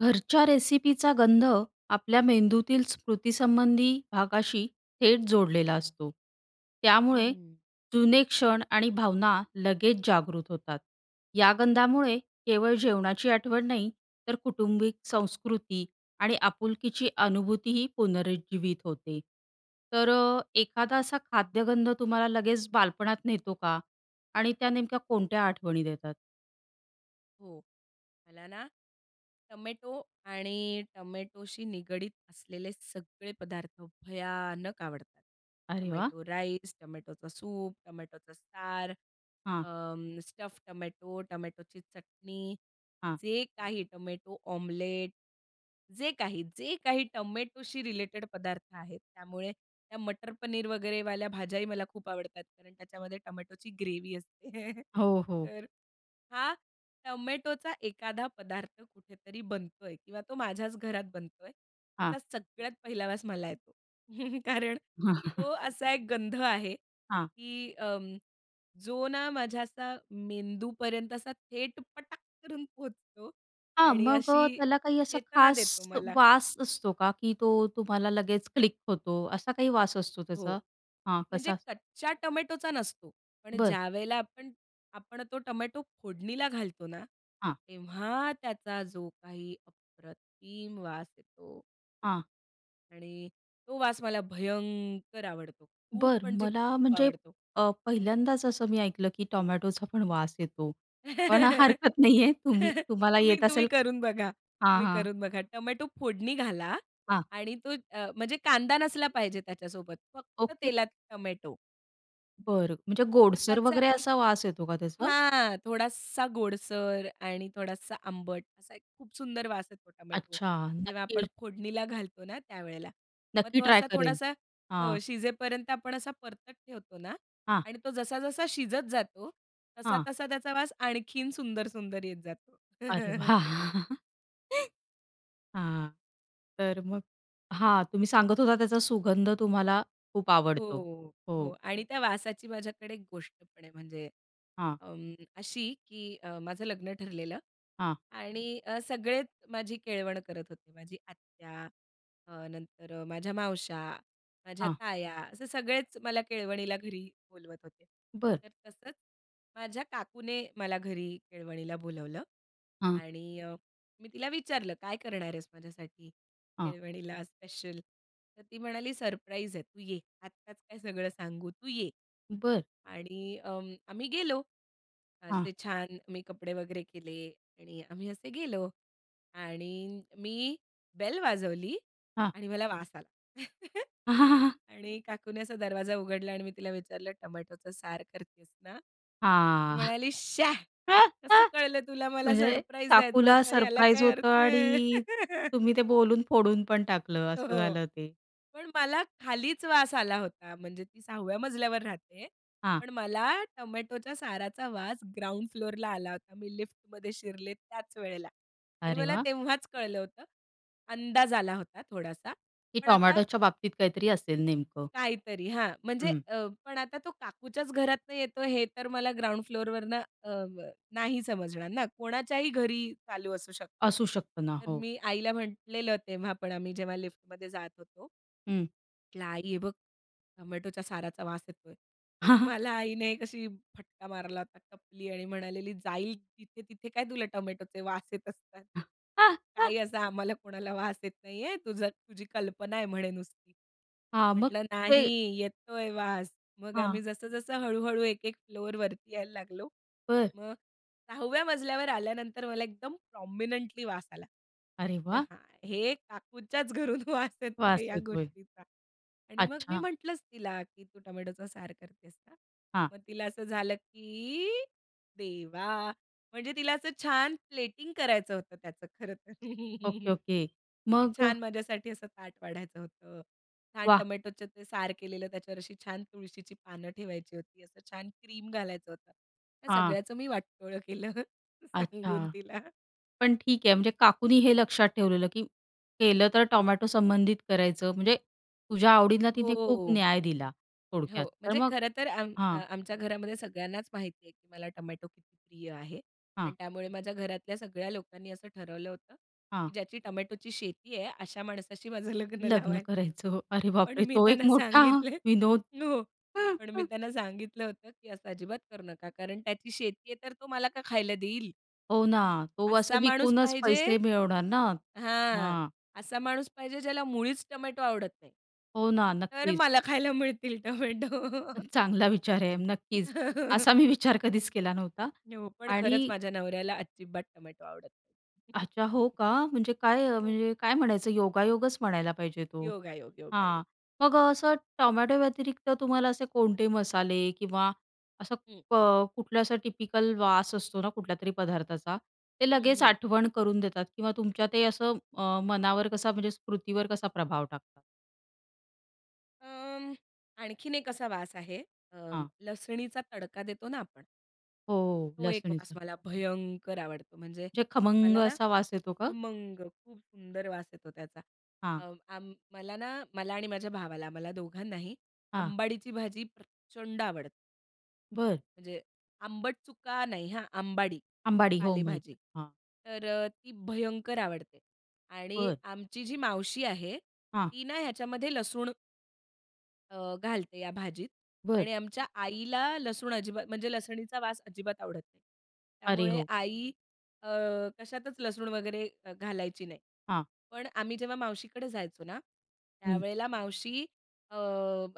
घरच्या रेसिपीचा गंध, आपल्या मेंदूतील स्मृतीसंबंधी भागाशी थेट जोडलेला असतो. त्यामुळे, हम्म. जुने क्षण आणि भावना लगेच जागृत होतात. या गंधामुळे केवळ जेवणाची आठवण नाही, तर कौटुंबिक संस्कृती आणि आपुलकीची अनुभूतीही पुनरुज्जीवित होते. तर अ, एखादा असा खाद्यगंध तुम्हाला लगेच बालपणात नेतो का? आणि त्या नेमक्या कोणत्या आठवणी देतात? हो. मला ना, टोमॅटो आणि टोमॅटोशी निगडीत असलेले सगळे पदार्थ भयानक आवडतात. अरे वाह! टोमॅटो राईस, टोमॅटोचा सूप, टोमॅटोचा सार, अ, हां. स्टफ टोमॅटो, टोमॅटोची चटणी, हां. जे काही टोमॅटो ऑमलेट, जे काही, जे काही टोमॅटोशी रिलेटेड पदार्थ आहेत, त्यामुळे त्या मटर पनीर वगैरेवाल्या भाज्याही मला खूप आवडतात कारण त्याच्यामध्ये टोमॅटोची ग्रेव्ही असते. हो, हो. तर हां, टोमॅटोचा एखादा पदार्थ कुठेतरी बनतोय किंवा तो माझ्याच घरात बनतोय, ह्याचा हां. सगळ्यात पहिला वास मला येतो. कारण तो असा एक गंध आहे, हां. की अं, जो ना माझ्या असा मेंदूपर्यंत असा थेट पटाक करून पोहोचतो हां, आणि मग अ, अशी त्याला काही असा चेतना खास देतो मला. वास असतो का, की तो तुम्हाला लगेच क्लिक होतो. असा काही वास असतो हो. त्याचा? हां. म्हणजे कसा? कच्च्या टोमॅटोचा नसतो. पण बरं. ज्यावेळेला आपण, आपण तो टोमॅटो फोडणीला घालतो ना, हां. तेव्हा त्याचा जो काही अप्रतिम वास येतो. हां. आणि तो वास मला भयंकर आवडतो. खूप बरं, म्हणजे मला खूप म्हणजे आवडतो. अ, पहिल्यांदाच असं मी ऐकलं, की टोमॅटोचा पण वास येतो. पण हरकत नाहीये तुम्ही तुम्हाला तुम्ही, येत तुम्ही असेल. करून बघा. हां, तुम्ही हां. करून बघा. टोमॅटो फोडणी घाला हां. आणि तो अ, म्हणजे कांदा नसला पाहिजे त्याच्यासोबत. फक्त ओके. तेलात टोमॅटो. बरं. म्हणजे तर गोडसर त्याचा वगैरे एक असा वास येतो का त्याचा? हां, थोडासा गोडसर आणि थोडासा आंबट असा एक खूप सुंदर वास आहे तो टोमॅटो अच्छा. जेव्हा नक्की आपण र फोडणीला घालतो ना त्यावेळेला मग नक्की तो ट्राय असा करेल. थोडासा हो हां. शिजेपर्यंत आपण असा परतत ठेवतो ना हां. आणि तो जसा जसा शिजत जातो तसा हां. तसा त्याचा वास आणखीन सुंदर, सुंदर येत जातो. अरे वाह! हां. तर मग हां तुम्ही सांगत होता त्याचा सुगंध तुम्हाला खूप आवडतो. हो. हो हो. आणि त्या वासाची माझ्याकडे एक गोष्ट पण आहे म्हणजे हां. अ, अशी की अ, माझं लग्न ठरलेलं हां. आणि अ, सगळेच माझी केळवण करत होते माझी आत्या अ, नंतर माझ्या मावश्या माझ्या हां. ताया असे सगळेच मला केळवणीला घरी बोलवत होते. बरं. तर तसंच माझ्या काकूने मला घरी केळवणीला बोलावलं हां. आणि मी तिला विचारलं काय करणार आहेस माझ्यासाठी हां. केळवणीला स्पेशल. तर ती म्हणाली सरप्राईज आहे तू ये. आत्ताच काय सगळं सांगू तू ये. बरं. आणि अ, आम्ही गेलो. हां. असे छान मी कपडे वगैरे केले आणि आम्ही असे गेलो. आणि मी बेल वाजवली हां. आणि मला वास आला. आणि काकूनी असा दरवाजा उघडला आणि मी तिला विचारलं टोमॅटोचा सार करतीयेस ना? ती हां. म्हणाली, "श्या कसं कळलं तुला मला म्हणजे सरप्राईज द्यायचं काकूला होतं याला सरप्राईज काय होतं अर्थ आहे?" आणि तुम्ही ते बोलून फोडून पण टाकलं असं हो. झालं ते. पण मला खालीच वास आला होता म्हणजे ती 6व्या मजल्यावर राहते. हां. पण मला टोमॅटोच्या साराचा वास ग्राउंड फ्लोरला आला होता. मी लिफ्टमध्ये शिरले त्याच वेळेला. आणि अरे मला वाह! तेव्हाच कळलं होतं अंदाज आला होता थोडासा की पण आता टोमॅटोच्या बाबतीत काहीतरी असेल नेमकं. काहीतरी हां म्हणजे हं. अ, पण आता तो काकूच्याच घरातनं येतो हे तर मला ग्राउंड फ्लोरवरनं अ, ब नाही समजणार ना कोणाच्याही घरी चालू असू शकतं. असू शकत ना. तर हो. मी आईला म्हटलेलं तेव्हा पण आम्ही जेव्हा लिफ्टमध्ये जात होतो. हं. म्हटलं आई हे बघ टोमॅटोच्या साराचा वास येतोय. तर मला आईने कशी फटका मारला होता टपली आणि म्हणालेली, "जाईल तिथे, तिथे काय तुला टोमॅटोचे वास येत असतात. काही असा आम्हाला कोणाला वास येत नाहीये. तुझं, तुझी कल्पना आहे म्हणे नुसती." हां, मग म्हटलं ते. "नाही येतोय वास." मग हां. आम्ही जसं जसं हळू-हळू एक एक फ्लोर वरती यायला लागलो, बरं. मग 6व्या मजल्यावर आल्यानंतर मला एकदम प्रॉमिनेंटली वास आला. अरे म्हटलं, वाह! "हां, हे काकूच्याच घरून वास येतोय वास या येतोय. गोष्टीचा." आणि मग मी अच्छा. म्हटलंच तिला की, "तू टोमॅटोचा सार करतेस ना?" हां. मग तिला असं झालं की देवा म्हणजे तिला असं छान प्लेटिंग करायचं होतं त्याचं खरं तर. Okay, okay. की मग. छान माझ्यासाठी असं ताट वाढायचं होतं. छान वाह! टोमॅटोचं ते सार केलेलं त्याच्यावर अशी छान तुळशीची पानं ठेवायची होती, असं छान क्रीम घालायचं होतं. ह्या हां. सगळ्याचं मी वाटोळं केलं सांगून अच्छा. तिला. पण ठीक आहे म्हणजे काकूनी हे लक्षात ठेवलेलं, की केलं तर टोमॅटो संबंधित करायचं म्हणजे तुझ्या आवडींना तिने खूप हो. न्याय दिला थोडक्यात हो, तर म्हणजे मग खरंतर आम अ, हां. आमच्या घरामध्ये सगळ्यांनाच माहिती आहे की मला टोमॅटो किती प्रिय आहे. हां. आणि त्यामुळे माझ्या घरातल्या सगळ्या लोकांनी असं ठरवलं होतं, हां. की ज्याची टोमॅटोची शेती आहे अशा माणसाशी माझं लग्न लग्न लावायचं. करायचं. अरे पण बाप रे! मी तो एक त्यांना मोठा सांगितले, विनोद. हो पण मी त्यांना सांगितलं होतं की "असं अजिबात करू नका कारण त्याची शेती आहे तर तो मला का खायला देईल?" हो ना, तो असं असा माणूस विकूनच पाहिजे पैसे मिळवणार ना? हां, हां. असा माणूस पाहिजे, ज्याला मुळीच टोमॅटो आवडत नाही. हो ना, तर नक्कीच. मला खायला मिळतील टोमॅटो. चांगला विचार आहे नक्कीच. असा मी विचार कधीच केला नव्हता हो, पण खरंच आणि माझ्या नवऱ्याला अजिबात टोमॅटो आवडत नाही. अच्छा! हो का? म्हणजे काय, हो. म्हणजे काय म्हणायचं योगायोगच म्हणायला पाहिजे तो. योगायोग, हां, योगायोग. मग असं टोमॅटो व्यतिरिक्त, तुम्हाला असे कोणते मसाले किंवा असं हं. क कुठलं असा टिपिकल वास असतो ना कुठल्यातरी पदार्थाचा ते हं, लगेच हं. आठवण करून देतात किंवा तुमच्या ते असं अ, मनावर कसा म्हणजे स्मृतीवर कसा प्रभाव टाकतात? अं, आणखीन एक असा वास आहे, अ, हां. लसणीचा तडका देतो ना आपण. हो, तो एक वास लसूणीचं. मला भयंकर आवडतो. म्हणजे जे खमंग मला ना असा वास येतो का? खमंग, खूप सुंदर वास येतो त्याचा. हां. अ, अं, मला ना, मला आणि माझ्या भावाला आम्हाला दोघांनाही हां. आंबाडीची भाजी प्रचंड आवडते. बरं. म्हणजे आंबट चुका नाही हा, आंबाडी अंबाडी हो माहिती. पालेभाजी. हां. तर अ, ती भयंकर आवडते आणि बरं. आमची जी मावशी आहे, हां. ती ना ह्याच्यामध्ये लसूण अ, घालते या भाजीत बरं. आणि आमच्या आईला लसूण अजिबात म्हणजे लसणीचा वास अजिबात आवडत नाही. अरे, त्यामुळे हो. आई अ, कशातच लसूण वगैरे अ, घालायची नाही. हां. पण आम्ही जेव्हा मावशीकडे जायचो ना, हं. त्यावेळेला मावशी अ,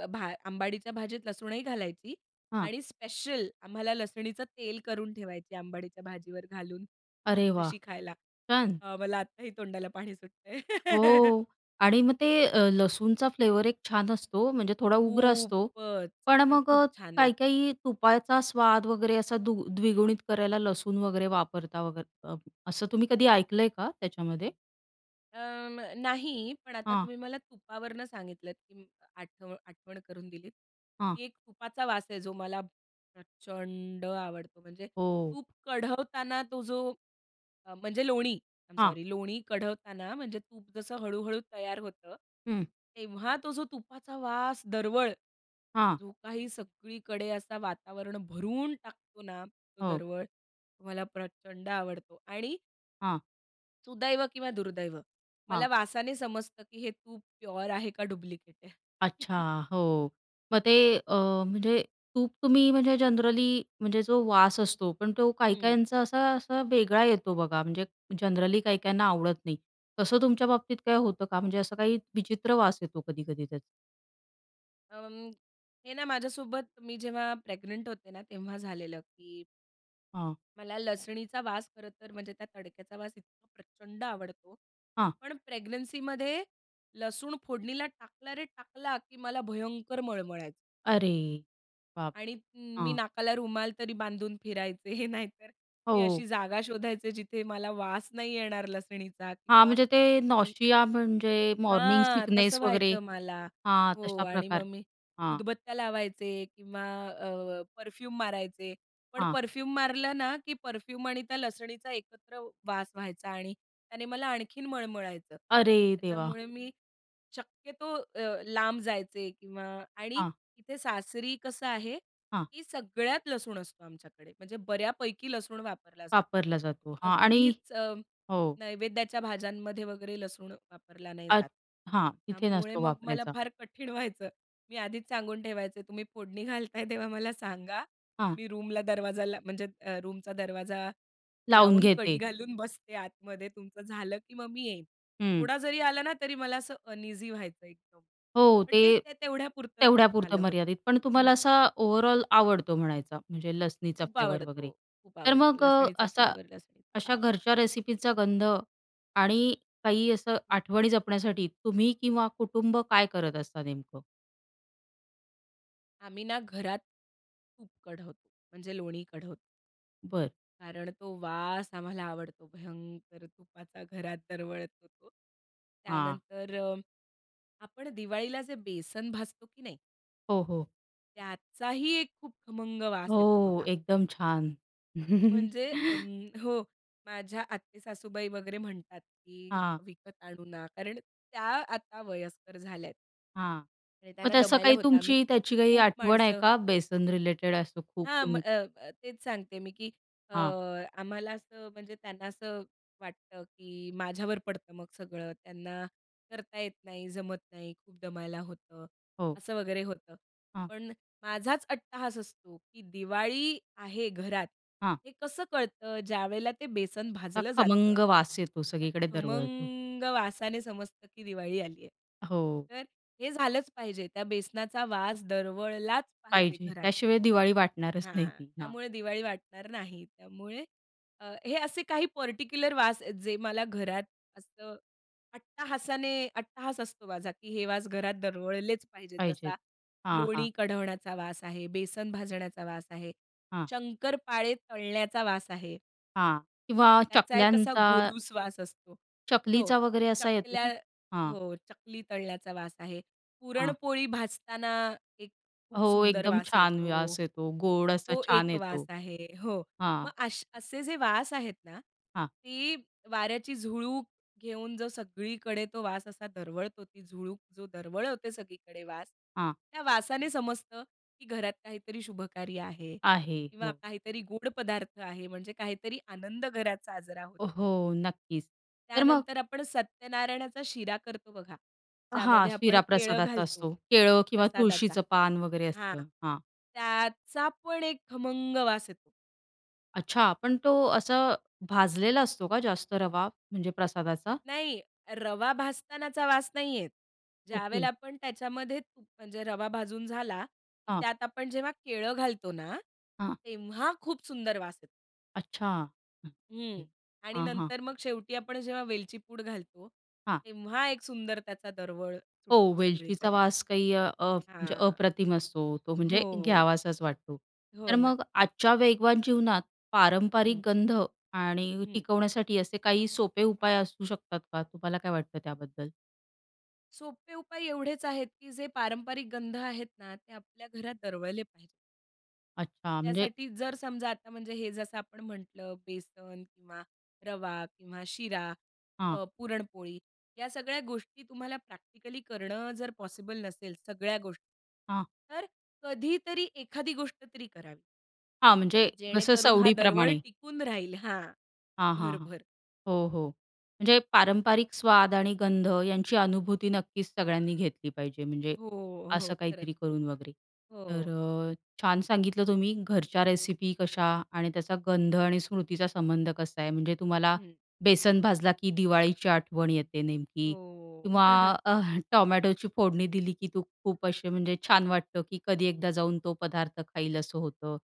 भा अंबाडीच्या भाजीत लसूणही घालायची हां. आणि स्पेशल आम्हाला लसणीचं तेल करून ठेवायची, अंबाडीच्या भाजीवर घालून अरे वाह! भाकरीशी खायला. छान. अ, मला आत्ताही तोंडाला पाणी सुटतंय. हो आणि मग ते अ, लसूणचा फ्लेवर एक छान असतो. म्हणजे थोडा उग्र असतो खूपच! पण पण मग खूप अ, छान लागते. काही-काही तुपाचा स्वाद वगैरे असा दु द्विगुणित करायला लसूण वगैरे वापरता वगैरे अ, असं तुम्ही कधी ऐकलंय का त्याच्यामध्ये? अ, म नाही पण आता हां. तुम्ही मला तुपावरनं सांगितलत, की म आठ आठवण करून दिलीत, हां. की एक तुपाचा वास आहे जो मला प्रचंड आवडतो. म्हणजे हो. तूप कढवताना तो जो अ, म्हणजे लोणी. आय एम हां. सॉरी, लोणी कढवताना म्हणजे तूप जसं हळू-हळू तयार होतं, हं. तेव्हा तो जो तुपाचा वास दरवळ. हां. जो काही सगळीकडे असा वातावरण भरून टाकतो ना, तो हो. दरवळ. तो मला प्रचंड आवडतो आणि हां. सुदैव किंवा दुर्दैव. मला हां. वासाने समजतं की हे तूप प्युअर आहे का डुप्लिकेट आहे. अच्छा! हो, मग ते अ, म्हणजे तूप तुम्ही म्हणजे जनरली म्हणजे जो वास असतो, पण तो हं. काही-काहींचा, असा असा वेगळा येतो बघा, म्हणजे जनरली काही-काहींना आवडत नाही. तसं तुमच्या बाबतीत काय होतं का? म्हणजे असं काही विचित्र वास येतो कधी-कधी त्याचा. अं, हे ना माझ्यासोबत मी जेव्हा प्रेग्नंट होते ना तेव्हा झालेलं की हां. मला लसणीचा वास खरंतर म्हणजे त्या तडक्याचा वास इतका प्रचंड आवडतो. हां. पण प्रेग्नन्सीमध्ये लसूण फोडणीला टाकला रे टाकला, की मला भयंकर मळमळायचं. अरे! बाप आणि रे! मी हां. नाकाला रुमाल तरी बांधून फिरायचे नाहीतर मी हो. अशी जागा शोधायचे, जिथे मला वास नाही येणार लसणीचा हां, किंवा म्हणजे ते मी नॉसिया म्हणजे मॉर्निंग हां, तसं सिकनेस वगैरे. व्हायचं मला हां, हो तशा आणि मग प्रकार मी हां. उदबत्त्या लावायचे किंवा अ, परफ्यूम मारायचे, पण हां. परफ्यूम मारलं ना, की परफ्यूम आणि त्या लसणीचा एकत्र वास व्हायचा आणि त्याने मला आणखीन मळमळायचं. अरे देवा! त्याच्यामुळे मी शक्यतो अ, लांब जायचे किंवा आणि हां. इथे सासरी कसं आहे, हां. की सगळ्यात लसूण असतो आमच्याकडे. म्हणजे बऱ्यापैकी लसूण वापरला जातो. वापरला जातो. हां आणि अगदीच अ, हो. नैवेद्याच्या भाज्यांमध्ये वगैरे लसूण वापरला नाही जात. अच् हां, तिथे त्यामुळे नसतो मग मला वापरायचा. फार कठीण व्हायचं. मी आधीच सांगून ठेवायचे, "तुम्ही फोडणी घालताय तेव्हा मला सांगा. हां. मी रूमला दरवाजाला म्हणजे अ, रूमचा दरवाजा लावून लावून कडी घेते. घालून बसते आतमध्ये. तुमचं झालं की मग मी येईन." हं. थोडा जरी आला ना तरी मला असं अनइझी व्हायचं एकदम हो. पण ते ते, ते तेवढ्यापुरतच झालं तेवढ्यापुरतं होतं. मर्यादित. पण हं. तुम्हाला असा ओव्हरऑल आवडतो म्हणायचा म्हणजे लसणीचा खूप फ्लेवर आवडतो, वगैरे. खूप तर आवडतो मग अ, लसणीचा असा फ्लेवर, लसणीचा अशा वास. घरच्या रेसिपीचा गंध आणि काही असं हं. आठवणी जपण्यासाठी तुम्ही किंवा कुटुंब काय करत असता नेमकं? आम्ही ना घरात, तूप कढवतो, म्हणजे लोणी कढवतो. बरं. कारण तो वास आम्हाला आवडतो भयंकर तुपाचा घरात दरवळतो तो. हां. त्यानंतर अं, आपण दिवाळीला जे बेसन भाजतो की नाही? हो, हो. त्याचाही एक खूप खमंग वास येतो हो. बघा. एकदम छान. म्हणजे अं हो, माझ्या आत्ते सासूबाई वगैरे म्हणतात, की हां. विकत आणू ना कारण, त्या आता वयस्कर झाल्या आहेत हां. आणि मग त्यांना तसं दमायला काही होतं, आम्ही तुमची त्याची काही खूप आठवण आहे माणसं का? बेसन रिलेटेड असं खूप हां, म तुम्ही अ, अ, तेच सांगते आहे मी, की अ, हां. आम्हाला असं म्हणजे त्यांना असं वाटतं, की माझ्यावर पडतं मग सगळं. त्यांना करता येत नाही, जमत नाही, खूप दमायला होतं. हो. असं वगैरे होतं. हां. पण माझाच अट्टाहास असतो, की दिवाळी आहे घरात, हां. हे कसं कळतं? ज्यावेळेला ते बेसन अ, भाजलं जातं. खमंग वास येतो. त्या सगळीकडे दरवळतो. खमंग वासाने समजतं की दिवाळी आली आहे. हो. तर हे झालचं पाहिजे, त्या बेसनाचा वास दरवळलाच पाहिजे पाहिजे. घरात. त्याशिवाय दिवाळी वाटणारच हां. नाही ती. हां. त्यामुळे दिवाळी वाटणार नाही. त्यामुळे अ, हे असे काही पर्टिक्युलर वास आहेत जे मला घरात असतं अट्टाहासाने, अट्टाहास असतो माझा, की हे वास घरात दरवळलेच पाहिजेत. पाहिजे. जसा हां, हां. लोणी कढवण्याचा वास आहे, बेसन भाजण्याचा वास आहे. हां. शंकरपाळे तळण्याचा वास आहे. हां किंवा त्याचा एक असा चकल्यांचा गोडूस वास असतो. हो. चकलीचा वगैरे असा येतो चकल्या ना? हां. हो चकली तळल्याचा वास आहे. हां. पुरणपोळी भाजताना एक खूप हो सुंदर एकदम वास छान येतो. व्यास येतो गोड असा तो छान एक वास येतो. आहे हो. मग हां. अश असे जे वास आहेत ना, हां. ती वाऱ्याची झुळूक घेऊन जो सगळीकडे तो वास असा दरवळतो ती झुळूक जो दरवळवते सगळीकडे वास, हां. त्या वासाने समजतं, की घरात काहीतरी शुभकार्य आहे. आहे, किंवा हो. काहीतरी गोड पदार्थ आहे म्हणजे काहीतरी आनंद घरात साजरा होत ओ आहे. हो, नक्कीच तर मग त्यानंतर आपण सत्यनारायणाचा शिरा करतो बघा. हां. ज्यामध्ये आपण शीरा केळं प्रसादाचा घालतो असतो केळं किंवा प्रसादाचा. तुळशीचं पान वगैरे हां. असतं. हां. त्याचा पण एक खमंग वास येतो. अच्छा. पण तो असा भाजलेला असतो का जास्त रवा, म्हणजे प्रसादाचा? नाही रवा भाजतानाचा वास नाही येत. ज्यावेळेला ओके. आपण त्याच्यामध्ये तूप म्हणजे रवा भाजून झाला की हां. त्यात आपण जेव्हा केळं घालतो ना हां. तेव्हा खूप सुंदर वास येतो. अच्छा. हं. आणि हां, हां. नंतर मग शेवटी आपण जेव्हा वेलची पूड घालतो, हां. तेव्हा एक सुंदर त्याचा दरवळ हो सुटतो वेलचीचा सगळीकडे. वास काही अ, हां. म्हणजे हां. अप्रतिम असतो, तो म्हणजे हो. घ्यावासाच वाटतो. हो तर ना. मग आजच्या वेगवान जीवनात पारंपारिक हं. गंध आणि हं. टिकवण्यासाठी असे काही सोपे उपाय असू शकतात का? तुम्हाला काय वाटतं त्याबद्दल? सोपे उपाय एवढेच आहेत की जे पारंपरिक गंध आहेत ना, ते आपल्या घरात दरवळले पाहिजेत. अच्छा! म्हणजे त्यासाठी जर समजा आता म्हणजे हे जसं आपण म्हटलं बेसन किंवा रवा किंवा शिरा, हां. अ, पुरणपोळी ह्या सगळ्या गोष्टी तुम्हाला प्रॅक्टिकली करणं जर पॉसिबल नसेल, सगळ्या गोष्टी हां. तर कधीतरी एखादी गोष्ट तरी करावी. हां, म्हणजे जसं जेणेकरून हा दरवळ सवडीप्रमाणे. टिकून राहील हां, हां, हां, हां, घरभर. हो, हो. म्हणजे पारंपरिक स्वाद आणि गंध यांची अनुभूती नक्कीच सगळ्यांनी घेतली पाहिजे म्हणजे हो, हो, असं खरंच. काहीतरी करून वगैरे, तर हो. अ, छान सांगितलं तुम्ही घरच्या रेसिपी कशा आणि त्याचा गंध आणि स्मृतीचा संबंध कसा आहे? म्हणजे तुम्हाला हं. बेसन भाजला की दिवाळीची आठवण येते नेमकी हो. किंवा अ, टोमॅटोची फोडणी दिली की तू खूप असे म्हणजे छान वाटतं की कधी एकदा जाऊन तो पदार्थ खाईल असं होतं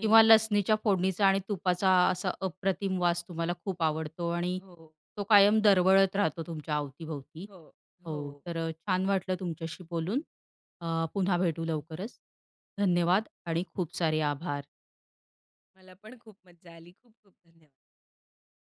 किंवा लसणीच्या फोडणीचा आणि तुपाचा असा अप्रतिम वास तुम्हाला खूप आवडतो आणि हो. तो कायम दरवळत राहतो तुमच्या अवतीभवती. हो, हो, हो. तर अ, छान वाटलं तुमच्याशी बोलून अ, पुन्हा भेटू लवकरच धन्यवाद! आणि खूप सारे आभार. मला पण खूप मज्जा आली. खूप-खूप धन्यवाद.